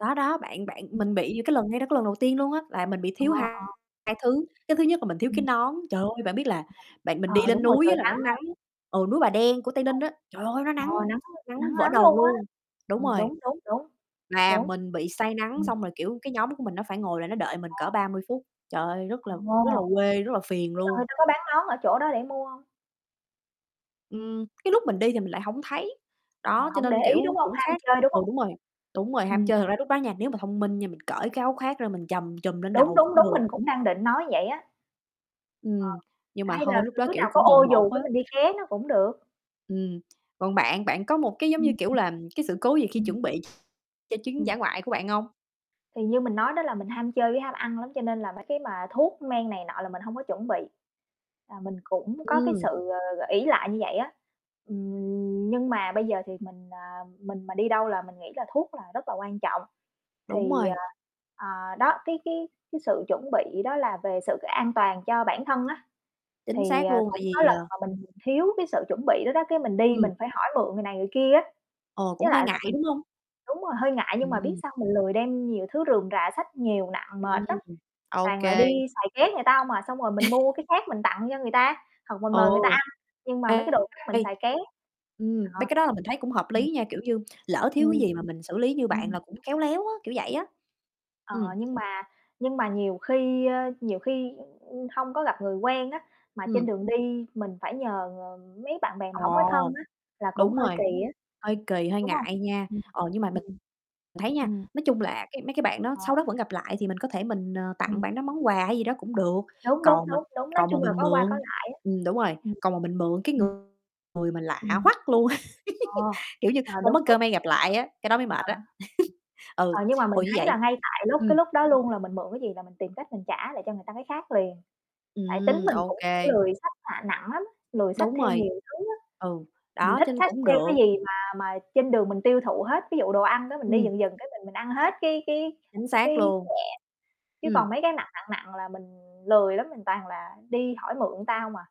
Đó, đó, bạn bạn Ừm, mình ừm. bị cái lần ngay đó cái lần đầu tiên luôn á, là mình bị Ờ, thiếu ờ. hai thứ. Cái thứ nhất là mình thiếu cái Ừm. nón, trời ơi, bạn biết là bạn mình Ờ, đi đúng lên rồi, núi trời á là nó nắng á. nắng. Ừ, núi Bà Đen của Tây Ninh [unintelligible] á, trời ơi, nó Ờ, nắng, nắng nắng nắng vỡ lắm đầu luôn á. luôn, Ờ, đúng rồi. đúng, đúng, đúng, Mà đúng. mình bị say nắng Ừm. xong rồi, kiểu, cái nhóm của mình nó phải ngồi là nó đợi mình cỡ À. 30 phút, trời ơi, Ồ, rất là rất là quê, rất là phiền nhưng mà người luôn. ta có bán nón ở chỗ đó để mua hông? Ừm, cái lúc mình đi thì mình lại hổng thấy. Ờ, Đó, cho hổng để nên, ý đúng kiểu, hông, cũng ham khác, chơi đúng ừ, hông? đúng rồi, đúng rồi, ham Ừm. chơi, thật ra lúc đó nha. Nếu mà thông minh nha mình cởi cái áo khác ra mình trầm trùm lên Đúng, đầu đúng, cũng đúng, được. mình cũng đang định nói vậy á. Ờ, Ừm, nhưng mà hay là thôi lúc đó, đứa kiểu, nào có cũng ô bồng bột dù cái mình đi á. ké nó cũng được. Ừm, còn bạn? Bạn có một cái, giống Ừm, như, ừm. kiểu, là cái sự cố gì khi Ừm. chuẩn bị cho chuyến Ừm. dã ngoại của bạn hông? Thì như mình nói đó là mình ham chơi với ham ăn lắm cho nên là mấy cái mà thuốc men này nọ là mình hông có chuẩn bị. À, mình cũng có cái Ừm. sự, ờ, ờ, ỷ lại như vậy á. Ừm, nhưng mà bây giờ thì mình, à, mình mà đi đâu là mình nghĩ là thuốc là rất là quan trọng. Đúng Thì, ờ, rồi. ờ, đó, cái cái cái sự chuẩn bị đó là về sự an toàn cho bản thân á, Chính thì, xác ờ, luôn. Tại cũng có vì lần ờ. mà mình thiếu cái sự chuẩn bị đó đó cái mình đi Ừm. mình phải hỏi mượn người này người kia á, Ồ, cũng với hơi lại là ngại, mình đúng hông? đúng rồi, hơi ngại nhưng mà biết Ừm. sao mình lười đem nhiều thứ rườm rà, xách nhiều nặng, mệt lắm, Ừm, ô toàn là đi kê. xài ké người ta hông à. Xong rồi mình mua cái khác mình tặng cho người ta, hoặc mình Ừ. mời người ta ăn, nhưng mà mấy cái đồ khác mình Đây, xài ké. ừm, Ờ. mấy cái đó là mình thấy cũng hợp Ừ. lý nha, kiểu như, lỡ thiếu cái Ừm. gì mà mình xử lý như bạn Ừm. là cũng khéo léo á, kiểu vậy á. Ờ, Ừm. nhưng mà nhưng mà nhiều khi, ơ, nhiều khi, ưm, hông có gặp người quen á, mà trên Ừm. đường đi mình phải nhờ, ờ, mấy bạn bè mà hổng có thân Ồ, á, là cũng đúng hơi rồi, kì á. hơi kì, hơi Đúng hông? ngại nha. Ừm, Ờ, nhưng mà mình ừm. mình thấy nha, Ừm. nói chung là cái mấy cái bạn đó Ờ. sau đó vẫn gặp lại thì mình có thể mình, ờ, tặng Ừm. bạn đó món quà hay gì đó cũng được, Đúng, đúng, còn mà đúng, đúng, nói còn mà chung là mình có qua có mượn lại á. ừm, đúng rồi, Ừm, còn mà mình mượn cái ừm. người người mà lạ Ừm. hoắc luôn, À, kiểu như à, không đúng, có đúng, cơ may gặp lại á, cái đó mới [unintelligible] à. mệt á. Ừ, Ờ, nhưng mà ồ, mình như thấy là vậy ngay tại lúc ừm. cái lúc đó luôn là mình mượn cái gì là mình tìm cách mình trả lại cho người ta cái khác liền. Tại tính Ừm, mình ô cũng kê. lười xách, a, nặng lắm, lười xách Đúng theo rồi. nhiều thứ á. Ừ, Mình đó, thích cho nên xách cũng theo cái được. gì mà mà trên đường mình tiêu thụ hết, ví dụ đồ ăn đó mình đi Ừm. dần dần cái mình mình ăn hết cái cái, Chính ơ, cái xác luôn. nhẹ. Chứ còn Ừm. mấy cái nặng, nặng, nặng là mình lười lắm, mình toàn là đi hỏi mượn ta hông à.